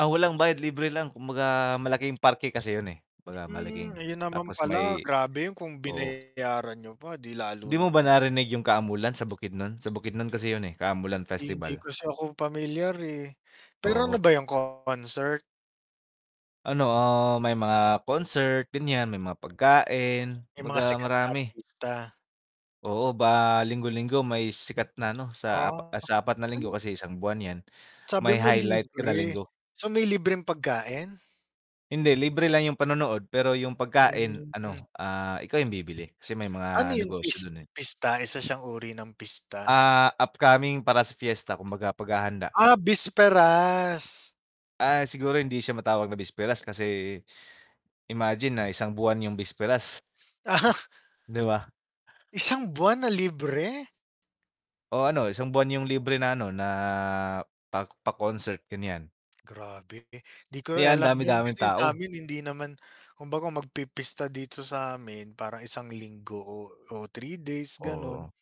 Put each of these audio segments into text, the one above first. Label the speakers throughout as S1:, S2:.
S1: Ah, walang bayad libre lang kumbaga, malaking parke kasi yun, eh. Kumbaga
S2: Hmm,
S1: malaking
S2: ayun naman
S1: tapos
S2: pala,
S1: may
S2: grabe yun kung
S1: oo.
S2: binayaran niyo pa 'di lalo
S1: 'Di mo
S2: ng
S1: ba
S2: ano.
S1: narinig yung Kaamulan sa Bukidnon? Sa Bukidnon kasi yun, eh, Kaamulan
S2: Hindi
S1: Festival.
S2: kasi ako pamilyar, eh. Pero
S1: Oo.
S2: ano ba yun, concert?
S1: Ano, ah, may mga concert ganyan, may mga pagkain
S2: May mga
S1: 'baga
S2: sikat na
S1: marami.
S2: artista.
S1: Oo, ba linggo-linggo may sikat na ano sa ap
S2: Ah,
S1: ah, sa 4 na linggo
S2: ay
S1: kasi isang buwan yan.
S2: Sabi
S1: May
S2: mo
S1: highlight kada
S2: libre,
S1: linggo.
S2: so may libreng pagkain?
S1: Hindi, libre lang yung panonood, pero yung pagkain
S2: Hmm.
S1: ano, ah, ikaw yung bibili kasi may
S2: Ano
S1: mga
S2: yun
S1: negosyo
S2: pis
S1: dun, eh.
S2: pista? Isa siyang uri ng pista?
S1: Ah, upcoming para sa fiesta, kumbaga paghahanda.
S2: Ah, bisperas.
S1: Ah, siguro hindi siya matawag na bisperas kasi, imagine na isang buwan yung bisperas.
S2: Ah.
S1: 'Di ba?
S2: Isang buwan na libre?
S1: O, ano isang buwan yung libre na ano na, pa pa-concert, ganyan.
S2: Grabe, 'di ko rin
S1: Kaya ang
S2: alam yun,
S1: dami-daming
S2: kasi yun
S1: tao.
S2: samin hindi naman kumbaga magpipista dito samin parang isang linggo o o 3 days, ganon.
S1: Oo.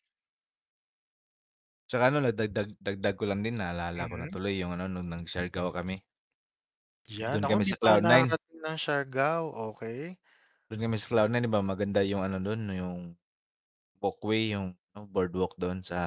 S1: 'Tsaka ano na dagdag dagdag ko lang din naalala ko na
S2: Mhm.
S1: tuloy yung ano nung nag-Siargao kami.
S2: Yan,
S1: Dun
S2: nako
S1: kami
S2: hindi
S1: sa
S2: pa ako
S1: Cloud 9.
S2: nakakarating ng Siargao, okey.
S1: Dun kami sa Cloud 9 'di ba maganda yung ano dun, yung walkway, yung ano boardwalk dun sa,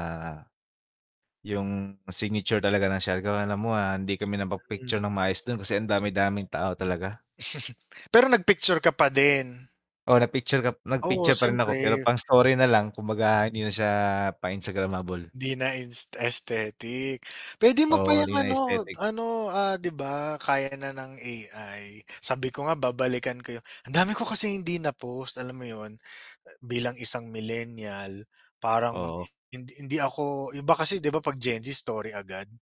S1: yung signature talaga ng Siargao alam mo, ah, hindi kami
S2: Hmm.
S1: napag-picture ng maayos dun kasi ang dami-daming tao talaga.
S2: Pero nag-picture ka pa din?
S1: Oo, nag-picture kap nag
S2: Oo,
S1: picture pa rin ako pero
S2: syempre.
S1: pang-story na lang, kumbaga hindi na siya pang instagramable.
S2: 'Di na ins aesthetic. Pwede mo pa
S1: Oo,
S2: yung
S1: hindi na
S2: ano,
S1: aesthetic.
S2: ano, ah, 'di ba kaya na ng AI. Sabi ko nga babalikan ko yung ang dami ko kasing hindi na post alam mo yun, bilang isang millennial parang,
S1: Oo.
S2: hindi hindi ako iba kasi 'di ba pag Gen Z story agad.